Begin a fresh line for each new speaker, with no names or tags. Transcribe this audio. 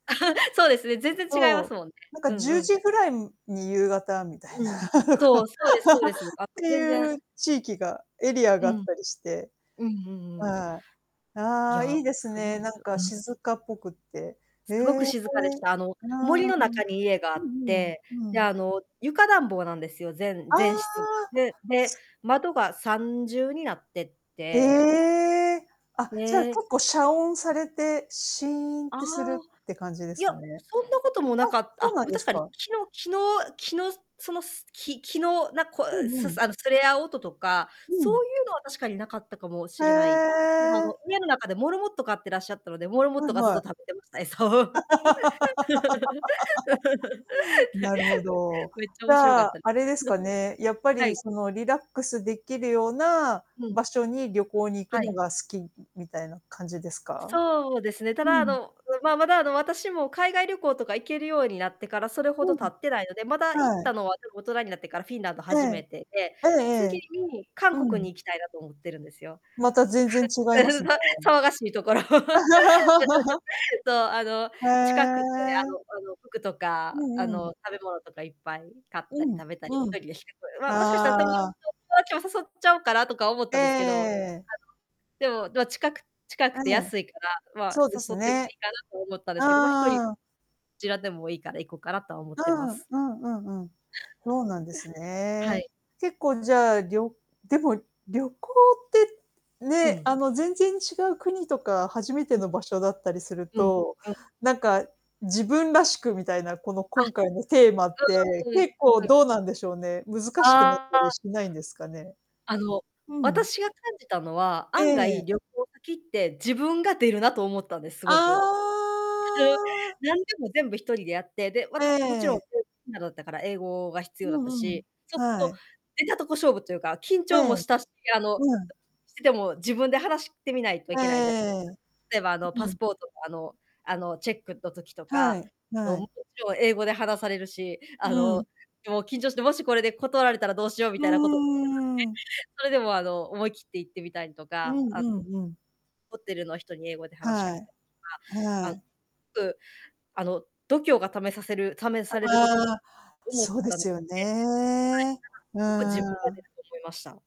そうですね。全然違います
そ
もんね。
う。なん
う
か
ん
じゅ
う
う
ん。
じぐらいに夕方みたい
う
な。
ん。そう。
っ
そうですそうです。あ、もう、
て
全
い
然。
う地域がエリア
う
があっ
ん。
たりして。
うんうんうん。
はい、
い
ああ。
や、
いいです
すごい
ね。
ん
な
だ。
んか
あ、す。
静かっぽくって。へ
すごく
え。
静かでした。あの、
うー
森の
ん。
中に家があ
う
っ
んうん。
て、
う
で、
ん。
あの、床暖房なんですよ。全
あ
全
あ。
室が。でで、
す
窓が3重になって
え
て。
え。あ、じゃあ、
で
結構遮音されて、シーンっ
ああ。
てするって感じで
い
す
や、
かね。
そんなことも
あ、
なか
そう
あ。
な
で
ん
も、
で
確
す
かに、
か。
木の木の木の、その木木のなこ
う
う、
ん
す
う
す
ん。
あの、すれ合う音とか、
う
そ
ん。
ういうのは確かになかったかもし
へ
れない。ただ、あ
え。
の、家の中でモルモット飼ってらっしゃったので、モルモッ
は
ト
い
がずっ
は
と
い。
食べてました。餌を。
なるほど。
めっちゃ
じ
面白か
ゃ
った。
あ、あれですかね。やっぱ
は
り、
い。
その、リラックスできるような
うん。
場所に旅行に行く
は
の
い。
が好き、みみたいな感じですか？
そうですね。た
う
だ、あ
ん。
の、う、まあ、まだ、あの、私も海外旅行とか行けるようになってから、それほ
う
ど経
ん。
ってないので、まだ、行っ
はい。
たのは、結構大人になってからフィンランド
え
初め
え。
てで、
ええ
次
ええ。
に韓
う
国
ん。
に行きたいなと思ってるんですよ。
また、全然違いますね。
ま、騒がしいところ。そう。あの、
へ
近くて、あの
え。
あの、服と
う
か、あ
んうん。
の、食べ物とかいっぱい買ったり、
うん、
食べたり、
う
一
ん。
人でしてくる。ま、もしかしたら友達
ああ。
と友達も誘っちゃおうかなとか思っ
え
たんですけど。あの、
え。
でも、ま、近く近く
え
て
え。
安いから、まあ、
そうで
誘っ
す
ても
ね。
いいかなと思ったんですけど、ま、一人
ああ。
ちらでもいいから行こうかなとは思っ
う
てま
ん。
す。
うんうんうん。そうなんです
は
ね。
い。
結構、じゃあ、りょでも、旅行って
う
ね。
ん。
あの、全然違う国とか初めて
うん。
の場所だったりする
うん
と、
うん。
なんか、自分らしくみたいな、この、
あ、
今回のテーマって
うんう
結構
んうん。
どうなんでしょうね、難しくなっ
あ
た
あ。
り
あ。
しないんですかね。
あの、
うん。
私が感じたのは、
え
案
え。
外、旅行先って自分が出るなと思ったんです。す
あ
ごく。そう。
あ。
なんでも全部一人でやって、で、わ
え
つ、もちろん
え。
なだったから英語が必要
う
だった
んうん。
し、そうする
は
と
い。
出たとこ勝負というか、緊
え
張
え。
もしたし、あの、
うん。
してても自分で話してみないとい
え
けないじゃ
え
例えば、あの、
ええ。う
パス
ん。
ポート。あのあの、チェックの時と
は
か、
い、
あの、
は
も
い。
ちろん英語で話されるし、あ
う
の、
ん。
もう、緊張して、もし、これで断られたらどうしようみ
う
たいなこと。その時
ーん。
ね、それでも、あの、思い切って行ってみたりと
うん
か、あん
うんうん。
ホテルの人に英語で話しか
は
け
い、
たりとか、あ
は
の、す
い。
ごくあの、度胸が試させる試されると
ああ、
思っ
そうで
たの
す
で、
よね。う
はい。なんか、よく自
ー
分が出
ん。
ると思いました。